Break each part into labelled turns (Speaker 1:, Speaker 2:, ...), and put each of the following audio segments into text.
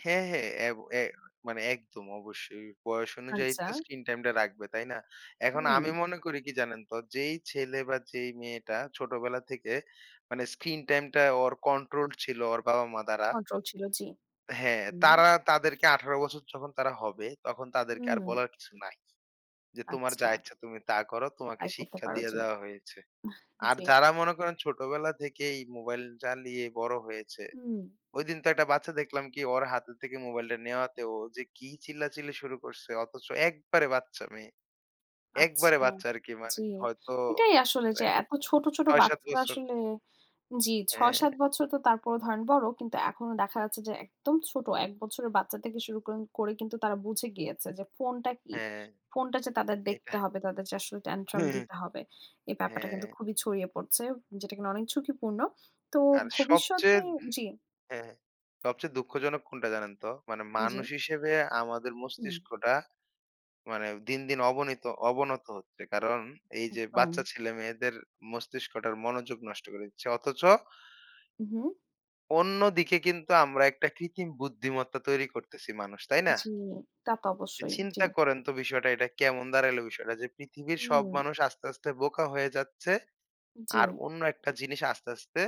Speaker 1: হ্যাঁ, হ্যাঁ এ এ মানে একদম অবশ্যই। বয়স অনুযায়ী
Speaker 2: আচ্ছা।
Speaker 1: তো স্ক্রিন টাইমটা রাখবে। তাই না? এখন আমি
Speaker 2: হুম।
Speaker 1: মনে করি কি জানেন তো যেই ছেলে বা যেই মেয়েটা ছোটবেলা থেকে মানে স্ক্রিন টাইমটা ওর কন্ট্রোল ছিল ওর বাবা-মা দ্বারা।
Speaker 2: কন্ট্রোল ছিল, জি।
Speaker 1: হ্যাঁ,
Speaker 2: উম
Speaker 1: তারা তাদেরকে ১৮ বছর যখন তারা হবে তখন তাদেরকে আর
Speaker 2: উম
Speaker 1: বলার কিছু নাই। যে তোমার যা
Speaker 2: আচ্ছা।
Speaker 1: ইচ্ছা তুমি তা করো। তোমাকে
Speaker 2: তাই করতে
Speaker 1: শিক্ষা
Speaker 2: পারো,
Speaker 1: দিয়ে
Speaker 2: জি।
Speaker 1: দেওয়া হয়েছে।
Speaker 2: আহ!
Speaker 1: আর
Speaker 2: জি।
Speaker 1: যারা মনে করেন ছোটবেলা থেকেই মোবাইল চালিয়ে বড় হয়েছে।
Speaker 2: উম
Speaker 1: ঐদিন তো একটা বাচ্চা দেখলাম কি ওর হাতে থেকে মোবাইলটা নেওয়াতে ও যে কি চিল্লাচিল্লি শুরু করছে অথচ একবারে বাচ্চা মেয়ে। একবারে
Speaker 2: আচ্ছা,
Speaker 1: বাচ্চা আরকি
Speaker 2: জি।
Speaker 1: মানে হয়তো
Speaker 2: এটাই আসলে যে
Speaker 1: হবে
Speaker 2: এত ছোট, ছোট
Speaker 1: ৬-৭
Speaker 2: বাচ্চারা
Speaker 1: বছর।
Speaker 2: আসলে জি
Speaker 1: হ্যাঁ।
Speaker 2: ৬-৭ বছর তো তারপরও ধরেন বড়। কিন্তু এখনো দেখা যাচ্ছে যে একদম ছোট। ১ বছরের বাচ্চা থেকে শুরু করেন করে কিন্তু তারা বুঝে গিয়েছে যে ফোনটা কি।
Speaker 1: হ্যাঁ।
Speaker 2: ফোনটা যে তাদের
Speaker 1: এইটা।
Speaker 2: দেখতে হবে, তাদেরকে আসলে tantrum দিতে হবে। এই ব্যাপারটা কিন্তু
Speaker 1: হ্যাঁ।
Speaker 2: খুবই ছড়িয়ে পড়ছে। যেটা কিন্তু অনেক ঝুঁকিপূর্ণ। তো
Speaker 1: আর সবচেয়ে
Speaker 2: ভবিষ্যতে জি।
Speaker 1: হ্যাঁ। সবচেয়ে দুঃখজনক কোনটা জানেন তো? মানে
Speaker 2: জি।
Speaker 1: মানুষ হিসেবে আমাদের
Speaker 2: হুম।
Speaker 1: মস্তিষ্কটা মানে দিন, দিন অবনিত অবনত হচ্ছে। কারণ এই যে বাচ্চা
Speaker 2: একদম।
Speaker 1: ছেলেমেয়েদের মস্তিষ্কটার মনোযোগ নষ্ট করে দিচ্ছে। অথচ
Speaker 2: উ হুম।
Speaker 1: অন্যদিকে কিন্তু আমরা একটা কৃত্রিম বুদ্ধিমত্তা তৈরি করতেছি মানুষ, তাই না?
Speaker 2: জি, তা তো অবশ্যই। জি।
Speaker 1: চিন্তা করেন তো বিষয়টা এটা কেমন দাঁড়াইল বিষয়টা যে পৃথিবীর সব
Speaker 2: হুম।
Speaker 1: মানুষ আস্তে, আস্তে বোকা হয়ে যাচ্ছে। আর
Speaker 2: জি।
Speaker 1: অন্য একটা জিনিস আস্তে, আস্তে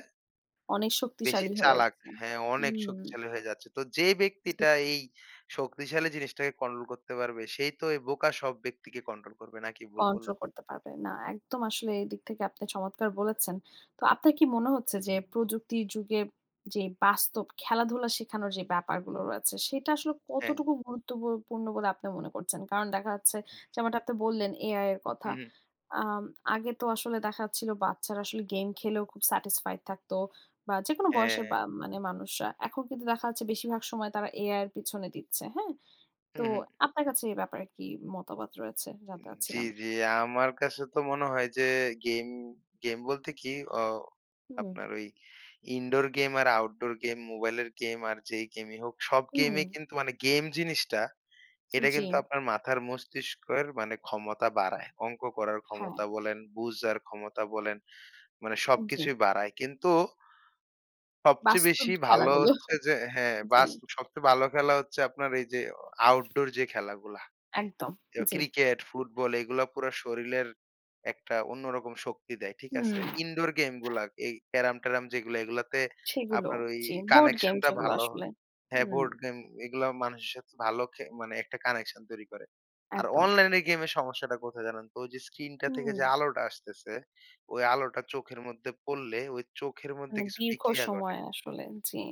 Speaker 2: অনেক
Speaker 1: বেশি
Speaker 2: শক্তিশালী হয়ে
Speaker 1: চালাক।
Speaker 2: উঠছে।
Speaker 1: হ্যাঁ অনেক
Speaker 2: উম
Speaker 1: শক্তিশালী হয়ে যাচ্ছে। তো যে
Speaker 2: জি।
Speaker 1: ব্যক্তিটা এই শক্তিশালী জিনিসটাকে কন্ট্রোল করতে পারবে সেই তো এই বোকা সব ব্যক্তিকে কন্ট্রোল করবে। নাকি ভুল
Speaker 2: কন্ট্রোল
Speaker 1: বললাম?
Speaker 2: করতে পারবে না। একদম আসলে এদিক থেকে আপনি চমৎকার বলেছেন। তো আপনার কি মনে হচ্ছে যে প্রযুক্তি যুগের যে বাস্তব খেলাধুলা শেখানোর যে ব্যাপারগুলো রয়েছে সেটা আসলে
Speaker 1: হ্যাঁ।
Speaker 2: কতটুকু গুরুত্ব বু পূর্ণ বলে আপনি মনে করছেন? কারণ দেখা যাচ্ছে যেমনটা আপনি বললেন, AI এর কথা।
Speaker 1: উহু।
Speaker 2: আম আগে তো আসলে দেখা যাচ্ছিল বাচ্চারা আসলে গেম খেলেও খুব satisfied থাকতো। বা যেকোনো বয়সের বা
Speaker 1: হ্যাঁ।
Speaker 2: মানে মানুষরা। এখন কিন্তু দেখা যাচ্ছে বেশিরভাগ সময় তারা AI এর পেছনে দিচ্ছে। হ্যাঁ? তো
Speaker 1: উহু।
Speaker 2: আপনার কাছে এ ব্যাপারে কি মতামত রয়েছে?
Speaker 1: উম
Speaker 2: জানতে
Speaker 1: জি,
Speaker 2: চাচ্ছিলাম।
Speaker 1: জি। আমার কাছে তো মনে হয় যে গেম, গেম বলতে কি অ
Speaker 2: হুম।
Speaker 1: আপনার ওই ইনডোর গেম আর আউটডোর গেম মোবাইলের গেম আর যেই গেমই হোক সব
Speaker 2: হুম।
Speaker 1: গেমেই কিন্তু মানে গেম জিনিসটা এটা কিন্তু
Speaker 2: জি।
Speaker 1: আপনার মাথার মস্তিষ্কের মানে ক্ষমতা বাড়ায়। অঙ্ক করার
Speaker 2: হ্যাঁ।
Speaker 1: ক্ষমতা বলেন, বুঝার ক্ষমতা বলেন। মানে
Speaker 2: জি।
Speaker 1: সবকিছুই বাড়ায়। কিন্তু সবচেয়ে
Speaker 2: বাস্তব
Speaker 1: বেশি ভালো
Speaker 2: খেলাগুলো।
Speaker 1: হচ্ছে যে হ্যাঁ,
Speaker 2: জি।
Speaker 1: বাস সবচেয়ে ভালো খেলা হচ্ছে আপনার এই যে অ আউটডোর যে খেলাগুলা। অ্যাউ
Speaker 2: একদম,
Speaker 1: কেউ
Speaker 2: জি।
Speaker 1: ক্রিকেট, ফুটবল এগুলা পুরা শরীরের একটা অন্যরকম শক্তি দেয়। ঠিক
Speaker 2: হুম।
Speaker 1: আছে? ইনডোর গেমগুলা এই ক্যারাম-ট্যারম যেইগুলা এগুলোতে
Speaker 2: সেগুলো
Speaker 1: আপনার ওই
Speaker 2: জি, বোর্ড গেম
Speaker 1: কানেকশনটা
Speaker 2: যেগুলো
Speaker 1: ভালো
Speaker 2: আসলে।
Speaker 1: হ্যাঁ,
Speaker 2: উম
Speaker 1: বোর্ড গেম এগুলাও মানুষের সাথে ভালো খে মানে একটা কানেকশন তৈরি করে। আর
Speaker 2: একদম।
Speaker 1: অনলাইনের গেমের সমস্যাটা কোথায় জানেন তো? যে স্ক্রিনটা থেকে যে
Speaker 2: হুম।
Speaker 1: আলোটা আসতেছে ওই আলোটা চোখের মধ্যে পড়লে ঐ চোখের মধ্যে
Speaker 2: মানে
Speaker 1: কিছু
Speaker 2: দীর্ঘ
Speaker 1: বিক্রিয়া
Speaker 2: সময়
Speaker 1: ঘটে।
Speaker 2: আসলে, জি।